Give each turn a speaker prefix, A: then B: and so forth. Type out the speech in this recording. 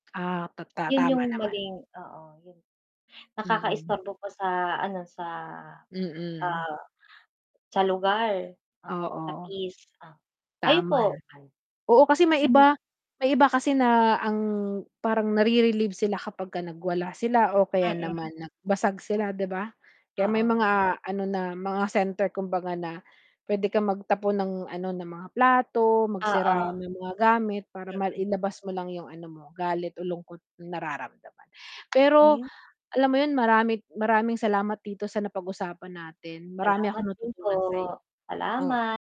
A: Ah, ta ta
B: Yun
A: tama
B: yung
A: naman.
B: maling oo, yun.
A: Mm.
B: Nakakaistorbo po sa ano sa,
A: Mm.
B: ah, sa lugar.
A: Oo.
B: [unintelligible] kayo
A: Tama
B: po?
A: naman. Oo, kasi may
B: [unintelligible]
A: iba may iba kasi na ang, parang nare-relieve sila kapagka nagwala sila o kaya
B: Mm.
A: naman nagbasag sila di ba? Kaya may
B: Oo.
A: mga ano na mga center kumbaga na pwede kang magtapon ng ano ng mga plato magsira
B: Oo.
A: ng mga gamit para
B: Mm.
A: mailabas mo lang yung ano mo galit o lungkot nararamdaman. Pero
B: [unintelligible]
A: alam mo yun marami maraming salamat dito sa napag-usapan natin, marami
B: Salamat
A: akong
B: din po,
A: natutunan sayo. Oh.
B: salamat.